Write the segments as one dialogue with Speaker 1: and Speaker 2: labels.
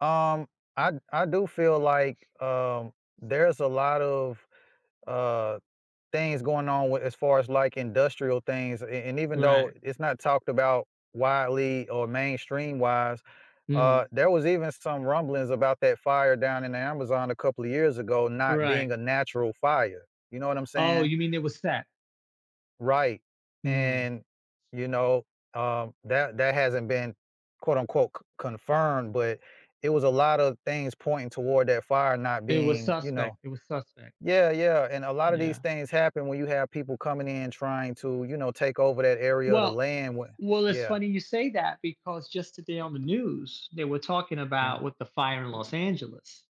Speaker 1: Um, I d I do feel like, um, there's a lot of, uh, things going on with as far as, like, industrial things, and and even though
Speaker 2: Right.
Speaker 1: it's not talked about widely or mainstream-wise, uh,
Speaker 2: Mhm.
Speaker 1: there was even some rumblings about that fire down in the Amazon a couple of years ago not
Speaker 2: Right.
Speaker 1: being a natural fire, you know what I'm
Speaker 2: Oh,
Speaker 1: saying?
Speaker 2: you mean it was set?
Speaker 1: Right,
Speaker 2: Mm.
Speaker 1: and, you know, um, that that hasn't been quote, unquote, "c confirmed," but it was a lot of things pointing toward that fire not
Speaker 2: It was
Speaker 1: being, you
Speaker 2: suspect,
Speaker 1: know
Speaker 2: it was suspect.
Speaker 1: Yeah, yeah, and a lot of these
Speaker 2: Yeah.
Speaker 1: things happen when you have people coming in, and trying to, you know, take over that area of the
Speaker 2: Well
Speaker 1: land wa
Speaker 2: Well, it's
Speaker 1: Yeah.
Speaker 2: funny you say that because just today on the news, they were talking
Speaker 1: Mm.
Speaker 2: about with the fire in Los Angeles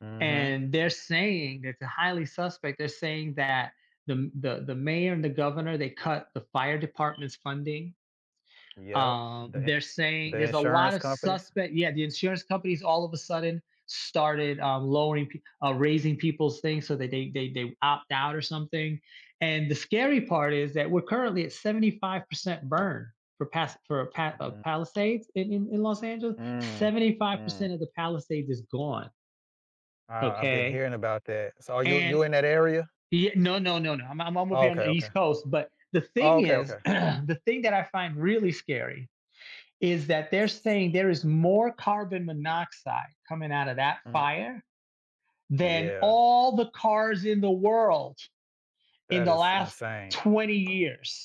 Speaker 1: Mhm,
Speaker 2: and they're
Speaker 1: yeah.
Speaker 2: saying it's a highly suspect they're saying that the m the the mayor, and the governor, they cut the fire department's funding,
Speaker 1: Yep,
Speaker 2: um,
Speaker 1: the i
Speaker 2: they're saying
Speaker 1: the
Speaker 2: there's a lot
Speaker 1: insurance
Speaker 2: of
Speaker 1: companies?
Speaker 2: suspect Yeah, the insurance companies all of a sudden started, uh, lowering pe uh, raising people's things so that they they they opt out or something, and the scary part is that we're currently at 75% burn for Pas for Pa uh,
Speaker 1: Mm.
Speaker 2: Palisades in in in Los Angeles.
Speaker 1: Mm,
Speaker 2: seventy five
Speaker 1: mm.
Speaker 2: percent of the Palisades is gone
Speaker 1: Ah, I've been
Speaker 2: okay
Speaker 1: hearing about that. So, are you
Speaker 2: and
Speaker 1: You're in that area?
Speaker 2: Yeah No, no, no, no, I'm o I'm over
Speaker 1: Oh,
Speaker 2: here on
Speaker 1: okay,
Speaker 2: the
Speaker 1: okay.
Speaker 2: East Coast, but the
Speaker 1: Oh,
Speaker 2: thing
Speaker 1: okay,
Speaker 2: is
Speaker 1: okay.
Speaker 2: the thing that I find really scary is that they're saying there is more carbon monoxide coming out of that
Speaker 1: Mm.
Speaker 2: fire, than
Speaker 1: Yeah.
Speaker 2: all the cars in the world in
Speaker 1: That
Speaker 2: the
Speaker 1: is
Speaker 2: last
Speaker 1: insane.
Speaker 2: 20 years.